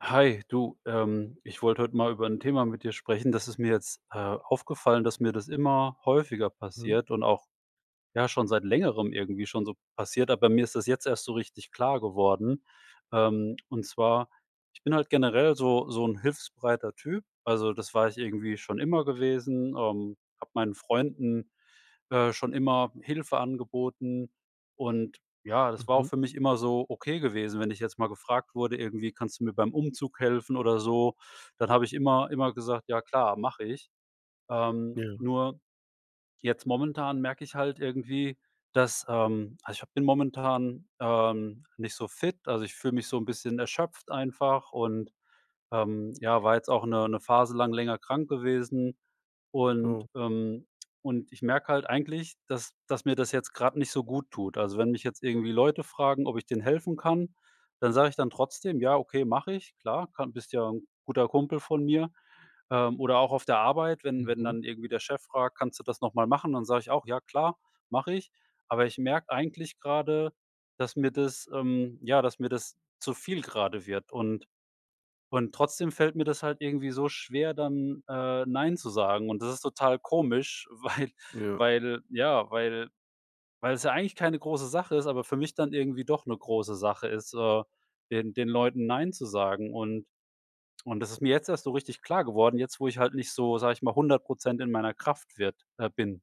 Hi, du. Ähm, ich wollte heut mal über 'n Thema mit dir sprechen. Das ist mir jetzt, äh, aufgefallen, dass mir das immer häufiger Mhm. passiert und auch ja, schon seit Längerem irgendwie schon so passiert, aber mir ist das jetzt erst so richtig klar geworden. Ähm, und zwar ich bin halt generell so so 'n hilfsbereiter Typ. Also, das war ich irgendwie schon immer gewesen. Ähm, hab meinen Freunden, äh, schon immer Hilfe angeboten. Und ja, das war auch Mhm. für mich immer so ok gewesen, wenn ich jetzt mal gefragt wurde, irgendwie: „Kannst du mir beim Umzug helfen“ oder so, dann habe ich immer immer gesagt: „Ja klar, mach ich.“ Ähm, Ja. nur jetzt momentan merke ich halt irgendwie, dass ähm, also ich hab bin momentan, ähm, nicht so fit, also ich fühle mich so 'n bisschen erschöpft einfach und, ähm ja, war jetzt auch 'ne 'ne Phase lang länger krank gewesen und, Oh. ähm, und ich merke halt eigentlich, dass dass mir das jetzt grad nicht so gut tut. Also, wenn mich jetzt irgendwie Leute fragen, ob ich denen helfen kann, dann sage ich dann trotzdem: „Ja okay, mache ich. Klar, ka bist ja 'n guter Kumpel von mir.“ Ähm, oder auch auf der Arbeit, wenn wenn Mhm. dann irgendwie der Chef fragt: „Kannst du das noch mal machen?“ Dann sage ich auch: „Ja klar, mache ich.“ Aber ich merk eigentlich gerade, dass mir das, ähm ja, dass mir das zu viel gerade wird und und trotzdem fällt mir das halt irgendwie so schwer, dann äh, „Nein“ zu sagen. Und das ist total komisch, weil Ja. weil ja, weil weil es ja eigentlich keine große Sache ist, aber für mich dann irgendwie doch 'ne große Sache ist, so, den den Leuten „Nein“ zu sagen. Und und das ist mir jetzt erst so richtig klar geworden, jetzt, wo ich halt nicht so, sage ich mal, 100 % in meiner Kraft wird äh, bin.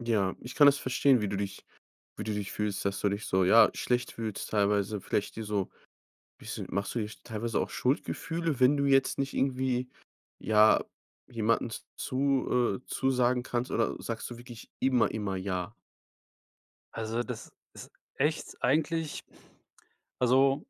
Ja, ich kann das verstehen, wie du dich wie du dich fühlst dass du dich so, ja, schlecht fühlst teilweise, vielleicht dir so bisschen machst du dir teilweise auch Schuldgefühle, wenn du jetzt nicht irgendwie ja, jemanden z-zu äh, zusagen kannst oder sagst du wirklich immer, immer „Ja“? Also, das ist echt eigentlich also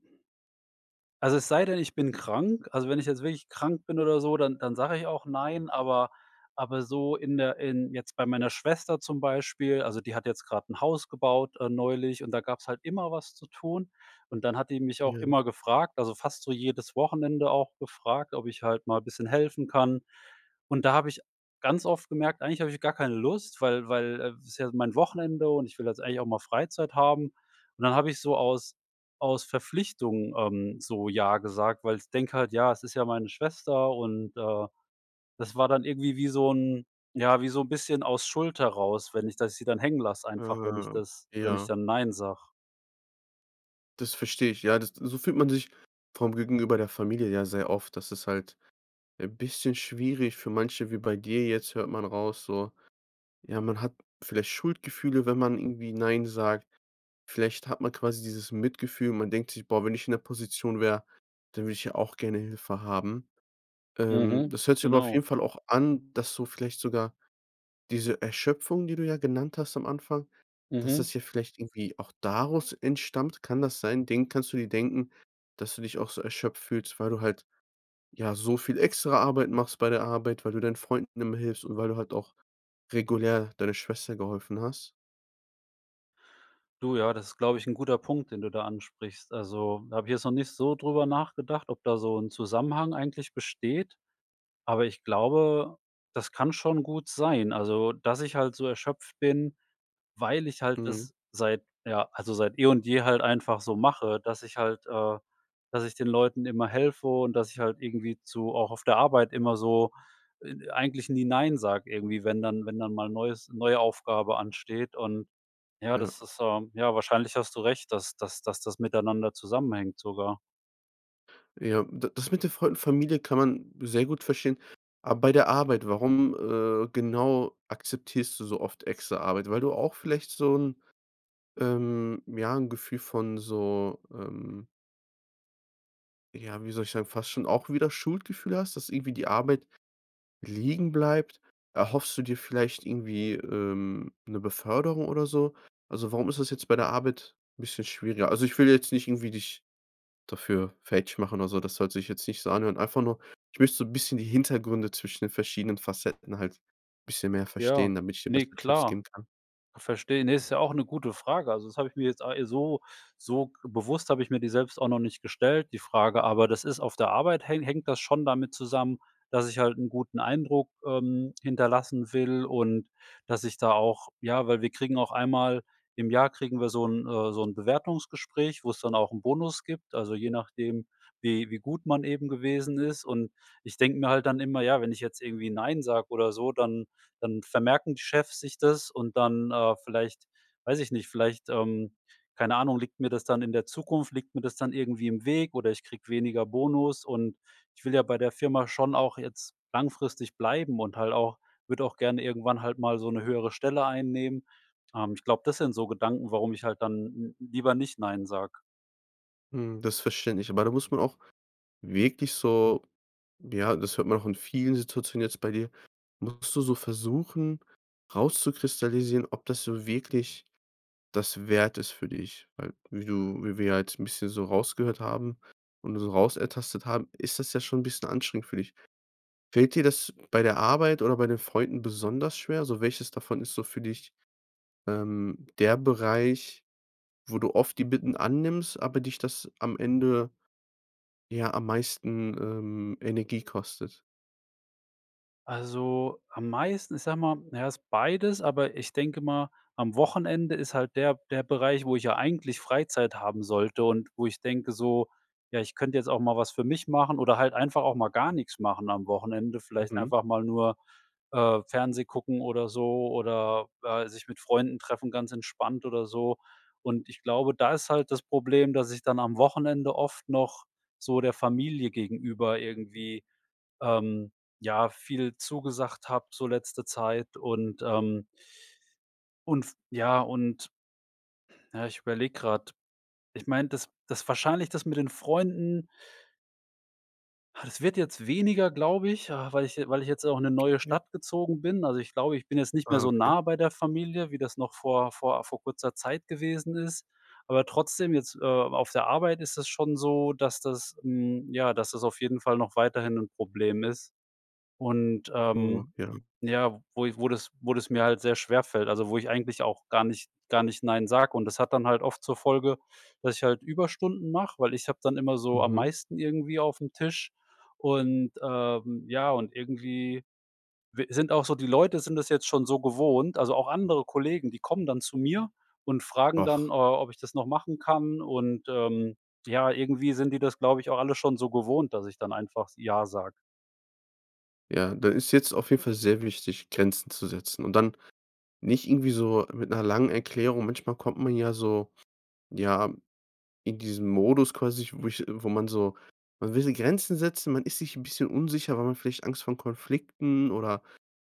also es sei denn, ich bin krank. Also, wenn ich jetzt wirklich krank bin oder so, dann dann sage ich auch „Nein“, aber aber so in der in jetzt bei meiner Schwester zum Beispiel, also, die hat jetzt gerade 'n Haus gebaut äh, neulich und da gab's halt immer was zu tun und dann hat die mich auch Ja. immer gefragt also fast so jedes Wochenende auch gefragt, ob ich halt mal bisschen helfen kann und da habe ich ganz oft gemerkt, eigentlich hab ich gar keine Lust, weil weil ist ja mein Wochenende und ich will jetzt eigentlich auch mal Freizeit haben und dann hab ich so aus aus Verpflichtung, ähm, so „Ja“ gesagt, weil ich denke halt: „Ja, es ist ja meine Schwester“ und, äh, das war dann irgendwie wie so 'n, ja, wie so 'n bisschen aus Schuld heraus, wenn ich das sie dann hängen lasse, einfach wenn ich Äh, das wenn ich ja. dann nein sag. Das versteh ich, ja. Das so fühlt man sich vor dem Gegenüber der Familie ja sehr oft. Das ist halt äh, bisschen schwierig für manche wie bei dir jetzt hört man raus, so ja, man hat vielleicht Schuldgefühle, wenn man irgendwie „Nein“ sagt. Vielleicht hat man quasi dieses Mitgefühl. Man denkt sich: „Boah, wenn ich in der Position wäre, dann würde ich ja auch gerne Hilfe haben“. Ähm, Mhm, das hört sich aber auf genau. jeden Fall auch an, dass so vielleicht sogar diese Erschöpfung, die du ja genannt hast am Anfang dass Mhm. das ja vielleicht irgendwie auch daraus entstammt. Kann das sein? Den kannst du dir denken, dass du dich auch so erschöpft fühlst, weil du halt, ja, so viel extra Arbeit machst bei der Arbeit, weil du deinen Freunden immer hilfst und weil du halt auch regulär deiner Schwester geholfen hast? Du, ja, das ist, glaube ich, 'n guter Punkt, den du da ansprichst. Also, da hab ich jetzt noch nicht so drüber nachgedacht, ob da so 'n Zusammenhang eigentlich besteht, aber ich glaube, das kann schon gut sein. Also, dass ich halt so erschöpft bin, weil ich halt Mhm. das seit, ja, also seit, eh und je halt einfach so mache, dass ich halt äh dass ich den Leuten immer helfe und, dass ich halt irgendwie zu auch auf der Arbeit immer so, e eigentlich nie „Nein“ sag, irgendwie, wenn dann wenn dann mal 'n neues neue Aufgabe ansteht und ja, Ja. das ist so ja wahrscheinlich hast du recht dass dass dass das miteinander zusammenhängt sogar. Ja, d das mit der Fa Familie kann man sehr gut verstehen. Aber bei der Arbeit, warum, äh, genau, akzeptierst du so oft extra Arbeit? Weil du auch vielleicht so 'n ähm, ja, 'n Gefühl von so, ähm ja, wie soll ich sagen, fast schon auch wieder Schuldgefühle hast, dass irgendwie die Arbeit liegen bleibt? Erhoffst du dir vielleicht irgendwie, ähm, 'ne Beförderung oder so? Also, warum ist das jetzt bei der Arbeit 'n bisschen schwieriger? Also, ich will jetzt nicht irgendwie dich dafür fertig machen oder so. Das sollte ich jetzt nicht so anhören. Einfach nur ich möcht so 'n bisschen die Hintergründe zwischen den verschiedenen Facetten halt bisschen mehr Ja, verstehen, damit ich dir ne besser Tipps klar. geben kann. Verstehe. Ne, ist ja auch 'ne gute Frage. Also, das hab ich mir jetzt, a äh so so bewusst hab ich mir die selbst auch noch nicht gestellt, die Frage, aber das ist auf der Arbeit häng hängt das schon damit zusammen, dass ich halt 'n guten Eindruck, ähm, hinterlassen will und, dass ich da auch ja, weil wir kriegen auch einmal im Jahr kriegen wir so 'n äh, so 'n Bewertungsgespräch, wo es dann auch 'n Bonus gibt, also je nachdem, wie wie gut man eben gewesen ist. Und ich denk mir halt dann immer: „Ja, wenn ich jetzt irgendwie ‚Nein‘ sag oder so, dann dann vermerken die Chefs sich das und dann, äh, vielleicht weiß ich nicht, vielleicht, ähm, keine Ahnung, liegt mir das dann in der Zukunft liegt mir das dann irgendwie im Weg oder ich krieg weniger Bonus.“ Und ich will ja bei der Firma schon auch jetzt langfristig bleiben und halt auch würd auch gerne irgendwann halt mal so 'ne höhere Stelle einnehmen. Ähm, ich glaub, das sind so Gedanken, warum ich halt dann n lieber nicht „Nein“ sag. Hm, das verständlich. Aber da muss man auch wirklich so ja, das hört man auch in vielen Situationen jetzt bei dir, musst du so versuchen, rauszukristallisieren, ob das so wirklich das wert ist für dich. Weil wie du wie wir ja jetzt 'n bisschen so rausgehört haben und so rausertastet haben, ist das ja schon 'n bisschen anstrengend für dich. Fällt dir das bei der Arbeit oder bei den Freunden besonders schwer? So, welches davon ist so für dich, ähm, der Bereich, wo du oft die Bitten annimmst, aber dich das am Ende ja, am meisten, ähm, Energie kostet? Also, am meisten, ich sag mal, ja, ist beides, aber ich denke mal, am Wochenende ist halt der der Bereich, wo ich ja eigentlich Freizeit haben sollte und wo ich denke so: „Ja, ich könnte jetzt auch mal was für mich machen oder halt einfach auch mal gar nix machen am Wochenende.“ Vielleicht Mhm. einfach mal nur, äh, Fernseh gucken oder so oder sich mit Freunden treffen, ganz entspannt oder so. Und ich glaube, da ist halt das Problem, dass ich dann am Wochenende oft noch so der Familie gegenüber irgendwie, ähm, ja, viel zugesagt hab, so letzte Zeit und, ähm und f ja und- ja, ich überlege grad- ich mein, das das wahrscheinlich das mit den Freunden das wird jetzt weniger, glaube ich, ah, weil ich je weil ich jetzt auch in 'ne neue Okay. Stadt gezogen bin. Also, ich glaube, ich bin jetzt nicht mehr so Okay. nah bei der Familie, wie das noch vor vor vor kurzer Zeit gewesen ist, aber trotzdem jetzt, äh, auf der Arbeit ist das schon so, dass das, hm ja, dass das auf jeden Fall noch weiterhin 'n Problem ist. Und, Oh, ähm, ja. ja, wo i wo das wo das mir halt sehr schwerfällt, also wo ich eigentlich auch gar nicht gar nicht „nein“ sag. Und das hat dann halt oft zur Folge, dass ich halt Überstunden mach, weil ich hab dann immer so am Mhm. meisten irgendwie aufm Tisch und, ähm, ja, und irgendwie w sind auch so die Leute sind das jetzt schon so gewohnt, also auch andere Kollegen, die kommen dann zu mir und fragen dann, äh, Ach. ob ich das noch machen kann und, ähm, ja, irgendwie sind die das, glaube ich, auch alle schon so gewohnt, dass ich dann einfach „ja“ sag. Ja, da ist jetzt auf jeden Fall sehr wichtig, Grenzen zu setzen und dann nicht irgendwie so mit 'ner langen Erklärung. Manchmal kommt man ja so, ja, in diesen Modus quasi, wo ich wo man so, man will die Grenzen setzen. Man ist sich ’n bisschen unsicher, weil man vielleicht Angst vor Konflikten oder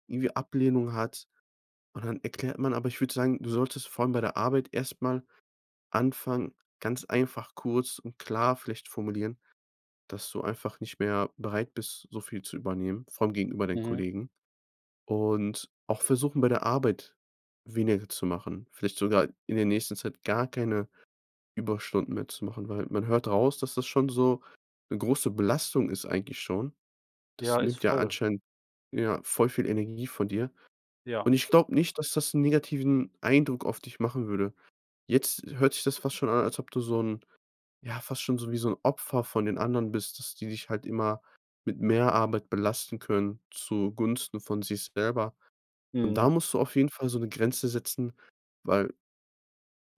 irgendwie Ablehnung hat. Und dann erklärt man aber ich würde sagen, du solltest vor allem bei der Arbeit erst mal anfangen, ganz einfach, kurz und klar vielleicht formulieren, dass du einfach nicht mehr bereit bist, so viel zu übernehmen, vor allem gegenüber deinen Mhm. Kollegen. Und auch versuchen, bei der Arbeit weniger zu machen. Vielleicht sogar in der nächsten Zeit gar keine Überstunden mehr zu machen, weil, man hört raus, dass das schon so 'ne große Belastung ist, eigentlich schon. Das Ja, ist nimmt ja voll. anscheinend ja, voll viel Energie von dir. Ja. Und ich glaube nicht, dass das 'n negativen Eindruck auf dich machen würde. Jetzt hört sich das fast schon an, als ob du so 'n ja, fast schon so 'n Opfer von den anderen bist, dass die dich halt immer mit mehr Arbeit belasten können zugunsten von sich selber. Und Mhm. da musst du auf jeden Fall so’ne Grenze setzen, weil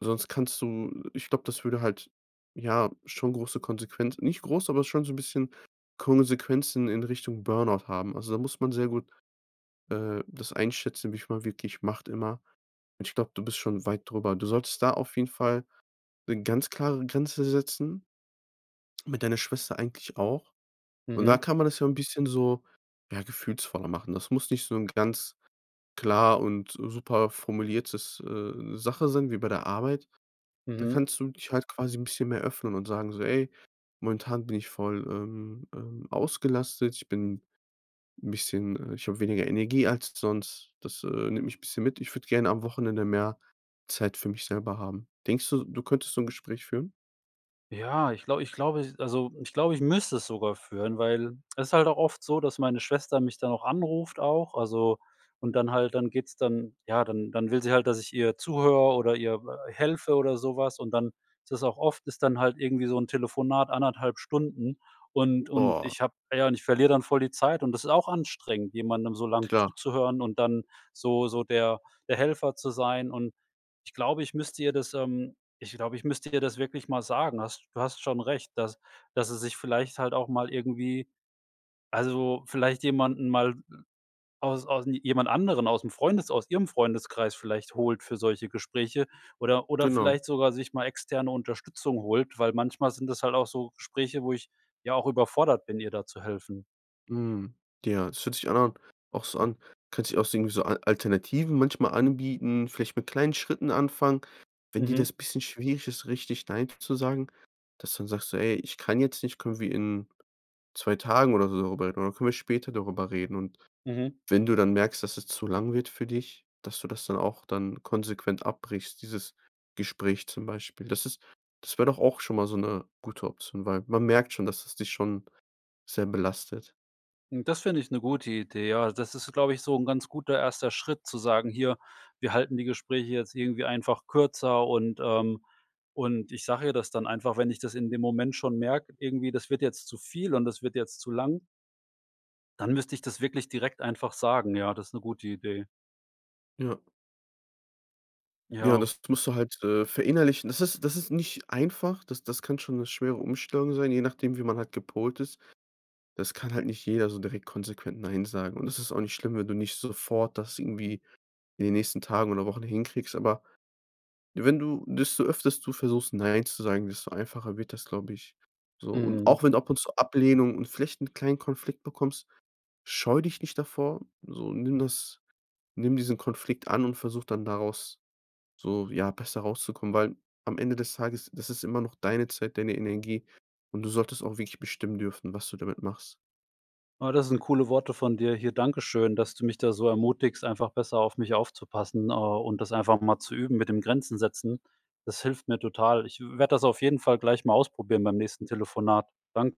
sonst kannst du ich glaube, das würde halt ja schon große Konsequenzen nicht groß, aber schon so 'n bisschen Konsequenzen in Richtung Burnout haben. Also, da muss man sehr gut, äh, das einschätzen, wie viel man wirklich macht immer. Und ich glaube, du bist schon weit darüber. Du solltest da auf jeden Fall 'ne ganz klare Grenze setzen, mit deiner Schwester eigentlich auch. Und da Mhm. kann man das ja 'n bisschen so, ja, gefühlsvoller machen. Das muss nicht so ’ne ganz klar und super formuliertes, äh, Sache sein wie bei der Arbeit. Da Mhm. kannst du dich halt quasi 'n bisschen mehr öffnen und sagen so: „Ey, momentan bin ich voll, ähm ähm, ausgelastet. Ich bin ’n bisschen äh ich hab weniger Energie als sonst. Das, äh, nimmt mich bisschen mit. Ich würde gerne am Wochenende mehr Zeit für mich selber haben.“ Denkst du, du könntest so 'n Gespräch führen? Ja, ich glaub ich glaube also, ich glaube, ich müsste es sogar führen, weil es halt auch oft so, dass meine Schwester mich dann auch anruft auch also, und dann halt dann geht's dann ja, dann dann will sie halt, dass ich ihr zuhöre oder ihr helfe oder so was und dann ist das auch oft ist dann halt irgendwie so'n Telefonat 1,5 Stunden und und Boah. ich hab ja, und ich verlier dann voll die Zeit und das ist auch anstrengend, jemandem so lang Klar. zuzuhören und dann so so der der Helfer zu sein und ich glaube, ich müsste ihr das ähm ich glaube, ich müsste ihr das wirklich mal sagen. Hast du hast schon recht, dass dass sie sich vielleicht halt auch mal irgendwie also vielleicht jemanden mal aus aus jemand anderen aus'm Freundes aus ihrem Freundeskreis vielleicht holt für solche Gespräche oder oder Genau. vielleicht sogar sich mal externe Unterstützung holt, weil manchmal sind es halt auch so Gespräche, wo ich, ja, auch überfordert bin, ihr da zu helfen. Mhm, ja, es fühlt sich an auch so an. Du könntest ja auch irgendwie so A Alternativen manchmal anbieten, vielleicht mit kleinen Schritten anfangen, wenn dir Mhm. das bisschen schwierig ist, richtig „Nein“ zu sagen, dass du dann sagst so: „Ey, ich kann jetzt nicht, können wir in 2 Tagen oder so drüber reden? Oder können wir später darüber reden?“ Und, Mhm. wenn du dann merkst, dass es zu lang wird für dich, dass du das dann auch dann konsequent abbrichst, dieses Gespräch zum Beispiel. Das ist das wär doch auch schon mal so 'ne gute Option, weil man merkt schon, dass es dich schon sehr belastet. Das finde ich 'ne gute Idee. Ja, das ist, glaube ich, so 'n ganz guter erster Schritt zu sagen: „Hier, wir halten die Gespräche jetzt irgendwie einfach kürzer“, und, ähm, und ich sage ihr das dann einfach, wenn ich das in dem Moment schon merke, irgendwie, das wird jetzt zu viel und das wird jetzt zu lang dann müsste ich das wirklich direkt einfach sagen, ja. Das ist 'ne gute Idee. Ja. Ja, Ja. das musst du halt, äh, verinnerlichen. Das ist das ist nicht einfach. Das das kann schon 'ne schwere Umstellung sein, je nachdem, wie man halt gepolt ist. Das kann halt nicht jeder, so direkt konsequent nein sagen. Und das ist auch nicht schlimm, wenn du nicht sofort das irgendwie in den nächsten Tagen oder Wochen hinkriegst, aber wenn du desto öfters du versuchst, nein zu sagen, desto einfacher wird das, glaube ich. So, und Mhm. auch wenn ab und zu Ablehnung und vielleicht 'n kleinen Konflikt bekommst, scheue dich nicht davor, so. Nimm das nimm diesen Konflikt an und versuch dann daraus so, ja, besser rauszukommen, weil am Ende des Tages, das ist immer noch deine Zeit, deine Energie und du solltest auch wirklich bestimmen dürfen, was du damit machst. Oh, das sind coole Worte von dir, hier. Dankeschön, dass du mich da so ermutigst, einfach besser auf mich aufzupassen äh, und das einfach mal zu üben mit den Grenzen setzen. Das hilft mir total. Ich w werd das auf jeden Fall gleich mal ausprobieren beim nächsten Telefonat. Dank